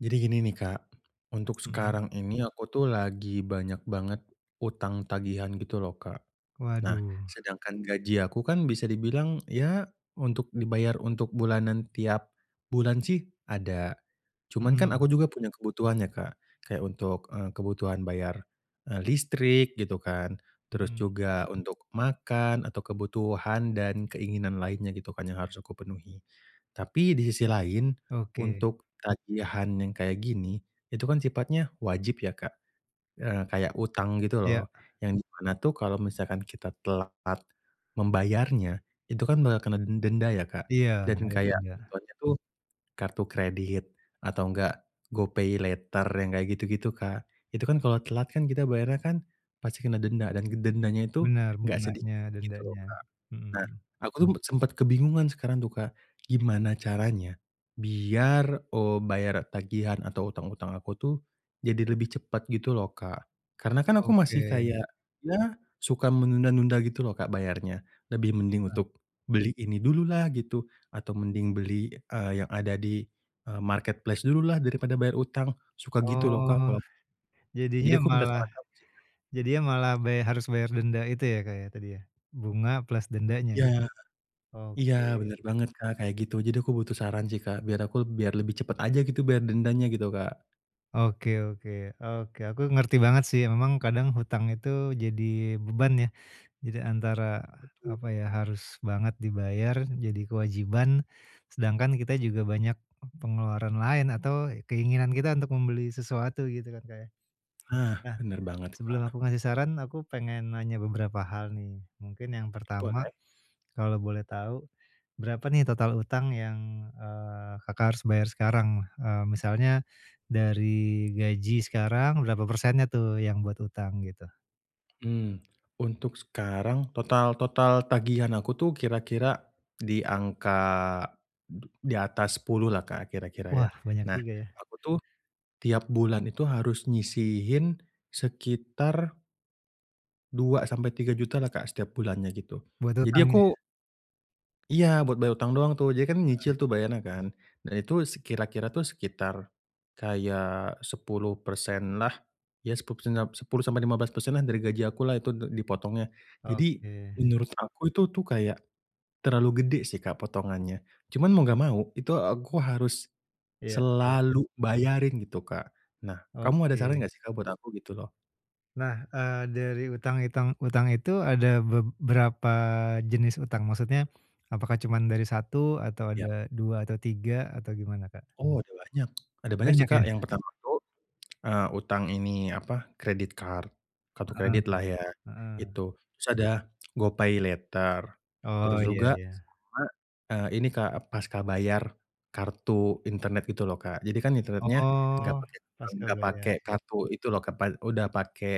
Jadi gini nih, Kak, untuk Mhm. sekarang ini aku tuh lagi banyak banget utang tagihan gitu loh, Kak. Nah, Waduh. sedangkan gaji aku kan bisa dibilang ya untuk dibayar untuk bulanan tiap bulan sih ada. Cuman kan aku Mhm. juga punya kebutuhan ya, Kak. Kayak untuk, eee, kebutuhan bayar, eee, listrik gitu kan, terus Mhm. juga untuk makan atau kebutuhan dan keinginan lainnya gitu kan yang harus aku penuhi. Tapi di sisi lain Oke. untuk tagihan yang kayak gini, itu kan sifatnya wajib ya, Kak, eee, kayak utang gitu Iya. loh yang di mana tuh kalau misalkan kita telat part membayarnya itu kan bakal kena denda ya, Kak. Iya Dan ada kayak denda. ituannya tuh kartu kredit atau enggak GoPay Later yang kayak gitu-gitu, Kak. Itu kan kalau telat kan kita bayarnya kan pasti kena denda dan dendanya itu Benar, enggak sedikit bunganya, gitu loh, dendanya. Kak. Mhm Nah, mhm. Aku tuh sempet kebingungan sekarang tuh, Kak, gimana caranya biar, eee, bayar tagihan atau hutang-hutang aku tuh jadi lebih cepet gitu loh, Kak. Karena kan aku masih Oke. kayak ya suka menunda-nunda gitu loh, Kak, bayarnya. Lebih mending Heeh. untuk beli ini dululah gitu, atau mending beli, eee, yang ada di, eee, marketplace dululah daripada bayar hutang, suka gitu loh, Kak, Oh. kalo Jadinya jadi aku minta malah saran kamu sih Kak. jadinya malah bay harus bayar denda itu ya, Kak, ya tadi ya. Bunga plus dendanya. Iya. Iya Oke. bener banget, Kak, kayak gitu. Jadi aku butuh saran sih, Kak biar aku biar lebih cepet aja gitu bayar dendanya gitu, Kak. Oke oke oke. Aku ngerti banget sih. Memang kadang hutang itu jadi beban ya. Jadi antara, Betul. apa ya, harus banget dibayar jadi kewajiban, sedangkan kita juga banyak pengeluaran lain atau keinginan kita untuk membeli sesuatu gitu kan, Kak ya. Ah, Nah, bener banget, sebelum Kak. aku ngasih saran, aku pengen nanya beberapa hal nih. Mungkin yang pertama Boleh. kalau boleh tahu berapa nih total utang yang, eee, Kakak harus bayar sekarang? Eee, misalnya dari gaji sekarang berapa persennya tuh yang buat utang gitu? Mmm, untuk sekarang total total tagihan aku tuh kira-kira di angka du di atas Rp10.000.000 lah, Kak, kira-kira Wah, ya. banyak Nah, juga ya. aku tuh tiap bulan itu harus nyisihin sekitar Rp2.000.000-Rp3.000.000 lah, Kak, setiap bulannya gitu. Buat Jadi utang ya? aku iya buat bayar utang doang tuh. Jadi kan Heeh. nyicil tuh bayarnya kan. Nah, itu se kira-kira tuh sekitar kaya 10% lah. ya, 10% da 10%-15% lah dari gaji aku lah itu d dipotongnya. Jadi Oke. menurut aku itu tuh kayak terlalu gede sih, Kak, potongannya. Cuman mau enggak mau itu aku harus Iya iya. selalu bayarin gitu, Kak. Nah kamu ada saran Oke. nggak sih, Kak, buat aku gitu loh? Nah, eee, dari utang itang utang itu ada beb berapa jenis utang? Maksudnya, apakah cuman dari 1 atau Ya. ada 2 atau 3 atau gimana Kak? Oh ada banyak. Ada banyak sih, Banyak ya? Kak, yang pertama itu, eee, utang ini apa credit card, kartu Mhm. kredit lah ya Mhm. itu. Terus ada GoPay Later, Oh, terus ya juga, ya. sama, eee, ini Kak, pasca bayar kartu internet gitu loh, Kak. Jadi kan internetnya nggak Oh, pake [unintelligible] pasca nggak pake bayar. kartu itu loh kepan udah pakai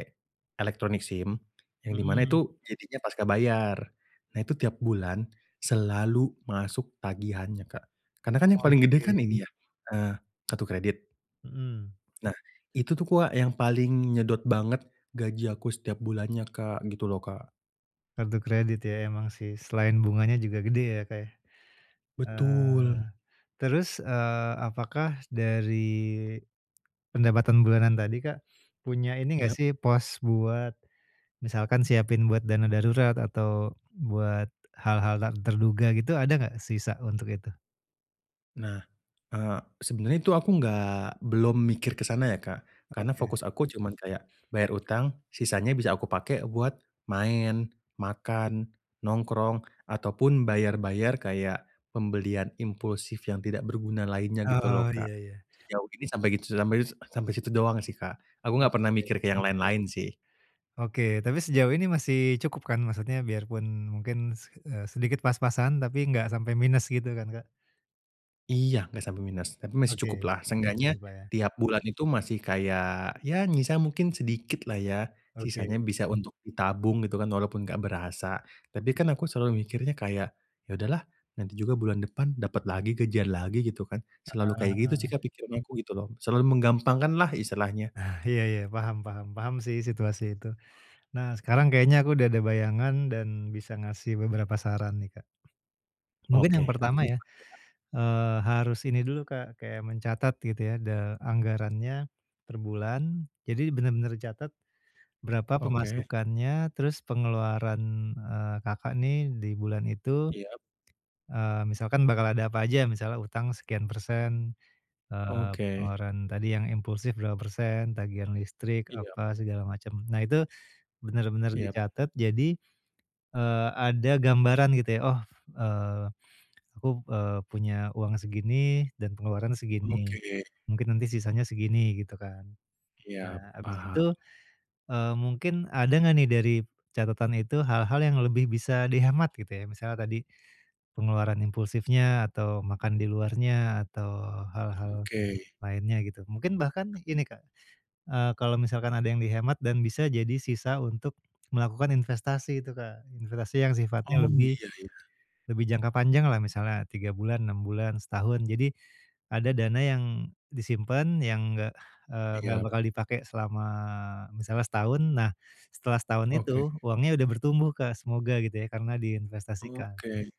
elektronik SIM, yang di mana Mhm. itu jadinya pasca bayar. Nah itu tiap bulan selalu masuk tagihannya, Kak, karena kan yang paling gede kan Oke. ini ya, eee, kartu kredit. Mhm. Nah itu tuh, Kak, yang paling nyedot banget gaji aku setiap bulannya, Kak, gitu loh, Kak. Kartu kredit ya emang sih, selain bunganya juga gede ya, Kak, ya. Eee, Betul. terus, eee, apakah dari pendapatan bulanan tadi, Kak, punya ini nggak Yap. sih, pos buat misalkan siapin buat dana darurat atau buat hal-hal tak terduga gitu, ada nggak sisa untuk itu? Nah, eee, sebenernya itu aku enggak belum mikir ke sana ya Kak karena Oke. fokus aku cuman kayak bayar utang, sisanya bisa aku pakai buat main, makan, nongkrong ataupun bayar-bayar kayak pembelian impulsif yang tidak berguna lainnya gitu Oh, loh iya Kak. iya. Sejauh ini sampai gitu su sampeiu sampai situ doang sih Kak. Aku enggak pernah Oke. mikir ke yang lain-lain sih. Oke. Tapi sejauh ini masih cukup kan? Maksudnya biarpun mungkin se eee sedikit pas-pasan, tapi enggak sampai minus gitu kan Kak? Iya enggak sampai minus, tapi masih cukup Oke. lah, seenggaknya gitu Kak ya. tiap bulan itu masih kayak ya nyisa mungkin sedikit lah ya, Oke. sisanya bisa untuk ditabung gitu kan walaupun enggak berasa. Tapi kan aku selalu mikirnya kayak ya udahlah nanti juga bulan depan dapet lagi gajian lagi gitu kan. Selalu kayak gitu sih Heeh. pikiran aku gitu loh. Selalu menggampangkan lah istilahnya. Ah, iya iya. Paham paham, paham sih situasi itu. Nah sekarang kayaknya aku udah ada bayangan dan bisa ngasih beberapa saran nih Kak. Mungkin Oke. yang Apa pertama itu ya, tuh Kak? eee, harus ini dulu Kak kayak mencatat gitu ya, de anggarannya per bulan. Jadi bener-bener dicatat berapa Oke. pemasukannya, terus pengeluaran, eee, Kakak nih di bulan itu, Iya. eee, misalkan bakal ada apa aja. Misalnya utang sekian persen, eee, Oke. pengeluaran tadi yang impulsif berapa persen, tagihan listrik, Iya. apa segala macem. Nah itu bener-bener Iya. dicatet, jadi, eee, ada gambaran gitu ya. Oh, eee, aku, eee, punya uang segini dan pengeluaran segini. Oke. Mungkin nanti sisanya segini gitu kan. Iya, Nah habis paham. itu, eee, mungkin ada enggak nih dari catatan itu hal-hal yang lebih bisa dihemat gitu ya. Misalnya tadi pengeluaran impulsifnya atau makan di luarnya atau hal-hal Oke. lainnya gitu. Mungkin bahkan ini Kak, eee, kalau misalkan ada yang dihemat dan bisa jadi sisa untuk melakukan investasi itu Kak. Investasi yang sifatnya Oh, lebih, iya iya. lebih jangka panjang lah misalnya 3 bulan, 6 bulan, setahun. Jadi ada dana yang disimpen yang nggak, eee, nggak Iya. bakal dipakai selama misalnya setahun. Nah setelah setahun itu Oke. uangnya udah bertumbuh Kak. Semoga gitu ya karena diinvestasikan. Oke.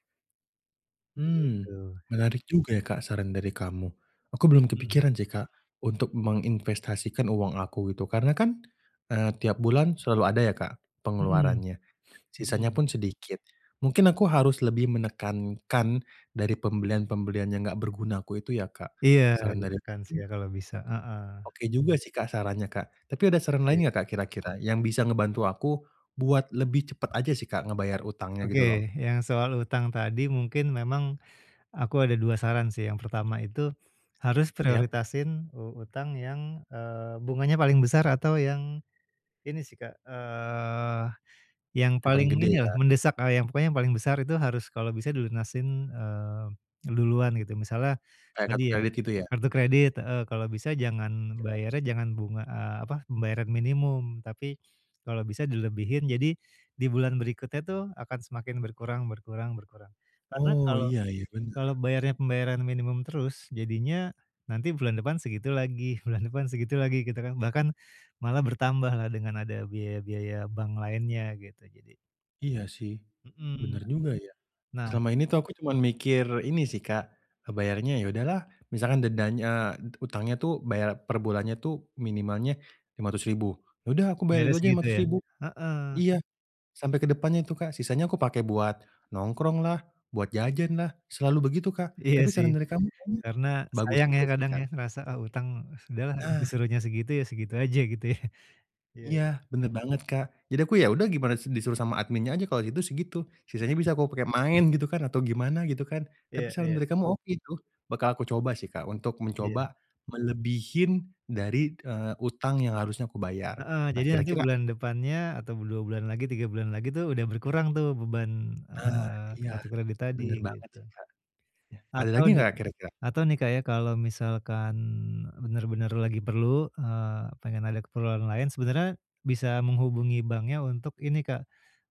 Mmm, Begitu. menarik juga ya Kak saran dari kamu. Aku belum Mhm. kepikiran sih Kak, untuk menginvestasikan uang aku gitu. Karena kan, eee, tiap bulan selalu ada ya Kak, Mhm. pengeluarannya, sisanya Mhm. pun sedikit. Mungkin aku harus lebih menekankan dari pembelian-pembelian yang enggak berguna aku itu ya Kak. Iya, Saran dari ditekan sih [unintelligible] Kak, kalau bisa. Heeh. oke juga sih Kak, sarannya Kak. Tapi ada saran Oke. lain enggak Kak, kira-kira yang bisa ngebantu aku buat lebih cepet aja sih Kak, ngebayar hutangnya gitu loh. Oke, yang soal hutang tadi mungkin memang aku ada 2 saran sih. Yang pertama itu harus Ya. prioritasin u utang yang, eee, bunganya paling besar atau yang ini sih Kak. Eee, yang Yang paling paling gede inilah, ya. mendesak, eee, yang pokoknya yang paling besar itu harus kalau bisa dilunasin, eee, duluan gitu. Misalnya Kayak kartu tadi ya, kredit gitu ya. kartu kredit heeh, kalau bisa jangan Ya. bayarnya jangan bunga, eee, apa, pembayaran minimum, tapi kalau bisa dilebihin, jadi, di bulan berikutnya tuh akan semakin berkurang berkurang berkurang. Karena Oh. kalau Iya iya kalau bener. bayarnya pembayaran minimum terus jadinya nanti bulan depan segitu lagi, bulan depan segitu lagi gitu kan. Bahkan malah bertambahlah dengan ada biaya-biaya bank lainnya gitu jadi. Iya sih, Mhm, bener juga ya, nah selama ini tuh aku cuman mikir ini sih, Kak, eee, bayarnya ya udahlah, misalkan dendanya, eee, utangnya tuh bayar per bulannya tuh minimalnya Rp500.000 Ya udah aku bayar Bayarnya itu aja lima segitu ratus ya, ribu. heeh. Iya, sampai ke depannya itu, Kak, sisanya aku pakai buat, nongkrong lah, buat jajan lah, selalu begitu, Kak, Iya tapi sih, saran dari kamu kayaknya, karena bagus sayang ya juga sih, kadang ya Kak. ngerasa, ah, utang sudahlah Nah. disuruhnya segitu ya segitu aja gitu ya, iya iya. Iya bener banget, Kak, jadi aku ya udah gimana disuruh sama adminnya aja kalau gitu segitu sisanya [unintelligible] bisa aku pake main gitu kan atau gimana gitu kan, tapi Iya saran iya. dari kamu oke itu, bakal aku coba sih, Kak, untuk Iya. mencoba, melebihin dari, eee, utang yang harusnya aku bayar Heeh, nah jadi nanti kira-kira bulan depannya atau 2 bulan lagi 3 bulan lagi tuh udah berkurang tuh beban, Nah eee, iya kartu kredit tadi bener banget gitu. sih, Kak, nah ada Atau lagi nih enggak kira-kira? atau nih, Kak, ya kalau misalkan, eee, bener-bener lagi perlu, eee, pengen ada keperluan lain sebenarnya, bisa menghubungi banknya untuk ini, Kak,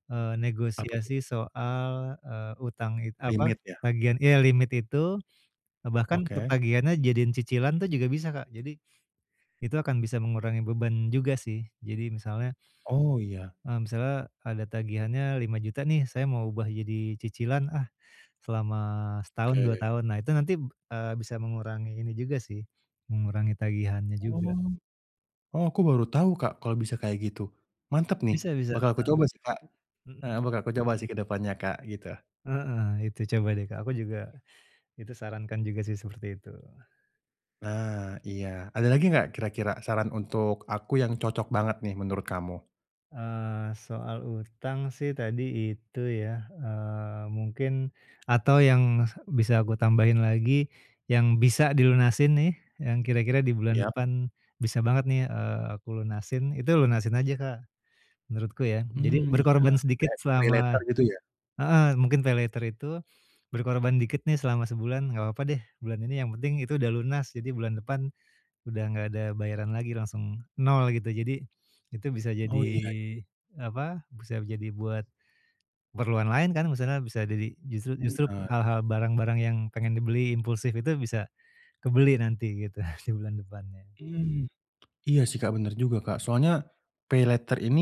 eee, Apa tuh? negosiasi soal, eee, utang it apa Limit ya. tagihan iya limit itu, eee, bahkan untuk Oke. tagihannya jadiin cicilan tuh juga bisa, Kak, jadi, itu akan bisa mengurangi beban juga sih jadi misalnya Oh iya. Eee, misalnya ada tagihannya Rp5.000.000 nih saya mau ubah jadi cicilan, ah, selama setahun 2 Oke. tahun nah itu nanti, eee, bisa mengurangi ini juga sih, mengurangi tagihannya juga. Oh oh aku baru tahu, Kak, kalau bisa kayak gitu, mantap nih Bisa bisa, bakal aku heeh, coba sih, Kak, eee, mhm. bakal aku coba sih ke depannya, Kak, gitu. Heeh, itu coba deh, Kak, aku juga itu sarankan juga sih seperti itu. Nah iya ada lagi enggak kira-kira saran untuk aku yang cocok banget nih menurut kamu? Eee, soal utang sih tadi itu ya, eee, mungkin atau yang bisa aku tambahin lagi, yang bisa dilunasin nih yang kira-kira di bulan Iya. depan bisa banget nih, eee, aku lunasin, itu lunasin aja Kak menurutku ya. Jadi Mmm, iya. berkorban sedikit Kayak GoPay selama Later gitu ya. heeh mungkin paylater itu berkorban dikit nih selama sebulan enggak apa-apa deh bulan ini yang penting itu udah lunas. Jadi bulan depan udah enggak ada bayaran lagi, langsung nol gitu. Jadi itu bisa Oh, jadi iya. apa, bisa jadi buat keperluan lain kan misalnya bisa jadi justru justru Bener. hal-hal barang-barang yang pengen dibeli impulsif itu bisa kebeli nanti gitu di bulan depannya. Mmm. Iya sih Kak bener juga Kak. Soalnya paylater ini,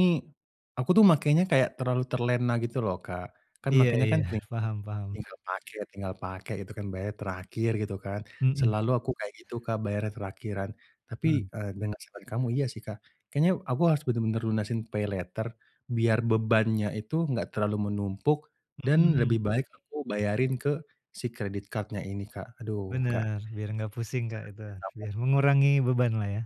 aku tuh makainya kayak terlalu terlena gitu loh Kak. Kan Iya makainya iya. kan ting Paham paham. tinggal pakai tinggal pakai gitu kan bayarnya terakhir gitu kan. Mhm. Selalu aku kayak gitu Kak bayarnya terakhiran. Tapi, Mmm. eee, dengan saran kamu iya sih Kak. Kayaknya aku harus bener-bener lunasin paylater biar bebannya itu enggak terlalu menumpuk dan lebih Mhm. baik aku bayarin ke si credit card-nya ini Kak. Aduh Kak. Bener, biar enggak pusing Kak itu, [unintelligible] biar mengurangi beban lah ya.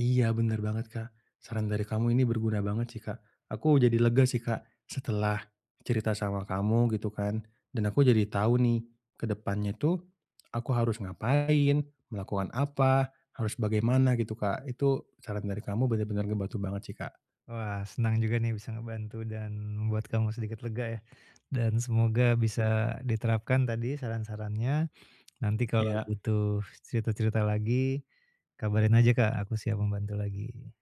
Iya bener banget Kak. Saran dari kamu ini berguna banget sih Kak. Aku jadi lega sih Kak, setelah cerita sama kamu gitu kan. Dan aku jadi tahu nih ke depannya itu aku harus ngapain, melakukan apa, harus bagaimana gitu Kak. Itu saran dari kamu bener-bener ngebantu banget sih Kak. Wah. Senang juga nih bisa ngebantu dan membuat kamu sedikit lega ya. Dan semoga bisa Iya. diterapkan tadi saran-sarannya. Nanti kalau Iya. butuh cerita-cerita lagi, kabarin aja Kak. Aku siap membantu lagi.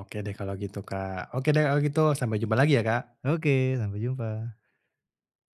Oke deh kalau gitu Kak. Oke deh kalau gitu. Sampai jumpa lagi ya Kak. Oke. Sampai jumpa.